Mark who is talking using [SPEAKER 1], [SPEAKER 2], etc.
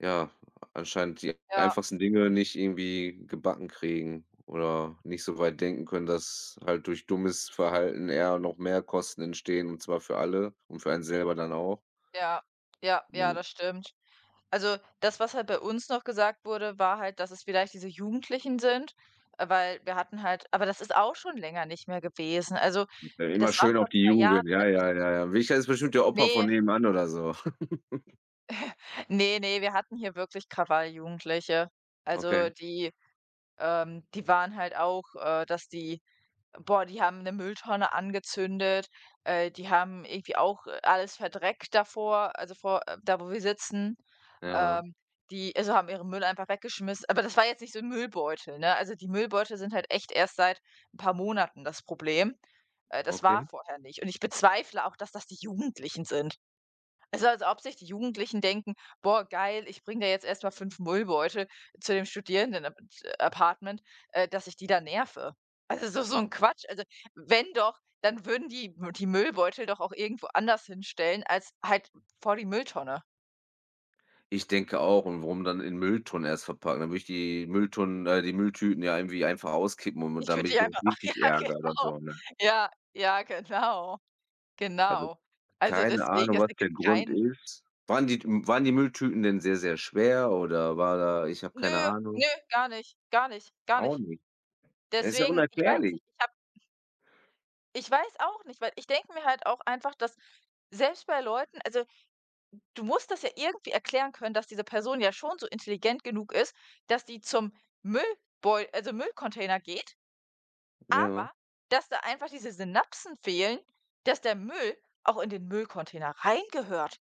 [SPEAKER 1] Ja, äh, anscheinend die
[SPEAKER 2] Ja.
[SPEAKER 1] einfachsten Dinge nicht irgendwie gebacken kriegen oder nicht so weit denken können, dass halt durch dummes Verhalten eher noch mehr Kosten entstehen, und zwar für alle und für einen selber dann auch.
[SPEAKER 2] Ja, ja, ja,
[SPEAKER 1] Genau.
[SPEAKER 2] das stimmt. Also, das, was halt bei uns noch gesagt wurde, war halt, dass es vielleicht diese Jugendlichen sind, äh, weil wir hatten halt aber das ist auch schon länger nicht mehr gewesen. Also,
[SPEAKER 1] [unintelligible] immer
[SPEAKER 2] das war
[SPEAKER 1] schön auf
[SPEAKER 2] vor
[SPEAKER 1] die
[SPEAKER 2] 2 Jahren,
[SPEAKER 1] Jugend, ja
[SPEAKER 2] als ich
[SPEAKER 1] ja ja ja. [unintelligible] ist bestimmt der Opa von
[SPEAKER 2] Ne.
[SPEAKER 1] nebenan oder so.
[SPEAKER 2] Ne, ne, wir hatten hier wirklich Krawall-Jugendliche.
[SPEAKER 1] Okay.
[SPEAKER 2] Also, die ähm, die waren halt auch, äh, dass die boah, die haben 'ne Mülltonne angezündet, äh, die haben irgendwie auch, äh, alles verdreckt davor, also, vor äh, da, wo wir sitzen
[SPEAKER 1] Ja.
[SPEAKER 2] ähm, die, also haben ihren Müll einfach weggeschmiss aber das war jetzt nicht so 'n Müllbeutel, ne? Also, die Müllbeutel sind halt echt erst seit 'n paar Monaten das Problem. Äh, das war
[SPEAKER 1] Okay.
[SPEAKER 2] vorher nicht, und ich bezweifle auch, dass das die Jugendlichen sind. Also, als ob sich die Jugendlichen denken: „Boah, geil, ich bringe da jetzt erst mal 5 Müllbeutel zu dem Studierendenap äh, Apartment, äh, dass ich die da nerve." Also, das ist doch so 'n Quatsch. Also, w wenn doch, dann würden die die Müllbeutel doch auch irgendwo anders hinstellen als halt v vor die Mülltonne.
[SPEAKER 1] Ich denke auch und warum dann in Mülltonnen erst verpacken? Da würde ich die Mülltonnen äh, die Mülltüten ja irgendwie einfach auskippen um
[SPEAKER 2] Ich würde
[SPEAKER 1] damit ich
[SPEAKER 2] dich einfach
[SPEAKER 1] [unintelligible] richtig
[SPEAKER 2] Ja,
[SPEAKER 1] ärgere
[SPEAKER 2] genau.
[SPEAKER 1] so, ne?
[SPEAKER 2] Ja, ja, genau.
[SPEAKER 1] Also,
[SPEAKER 2] Genau. Also,
[SPEAKER 1] keine
[SPEAKER 2] deswegen,
[SPEAKER 1] Ahnung,
[SPEAKER 2] es
[SPEAKER 1] was der
[SPEAKER 2] ergibt
[SPEAKER 1] Grund
[SPEAKER 2] kein
[SPEAKER 1] ist. Waren die m waren die Mülltüten denn sehr, sehr schwer oder war da ich habe
[SPEAKER 2] Nö,
[SPEAKER 1] keine
[SPEAKER 2] nö,
[SPEAKER 1] Ahnung.
[SPEAKER 2] gar nicht, gar nicht, gar
[SPEAKER 1] Auch
[SPEAKER 2] nicht.
[SPEAKER 1] nicht? Ja, ist ja
[SPEAKER 2] Deswegen ich weiß
[SPEAKER 1] unerklärlich.
[SPEAKER 2] nicht, ich habe Ich weiß auch nicht, weil ich denke mir halt auch einfach, dass selbst bei Leuten also, d du musst das ja irgendwie erklären können, dass diese Person ja schon so intelligent genug ist, dass die zum Müllbeu also, Müllcontainer geht,
[SPEAKER 1] Ja.
[SPEAKER 2] aber dass da einfach diese Synapsen fehlen, dass der Müll auch in den Müllcontainer reingehört.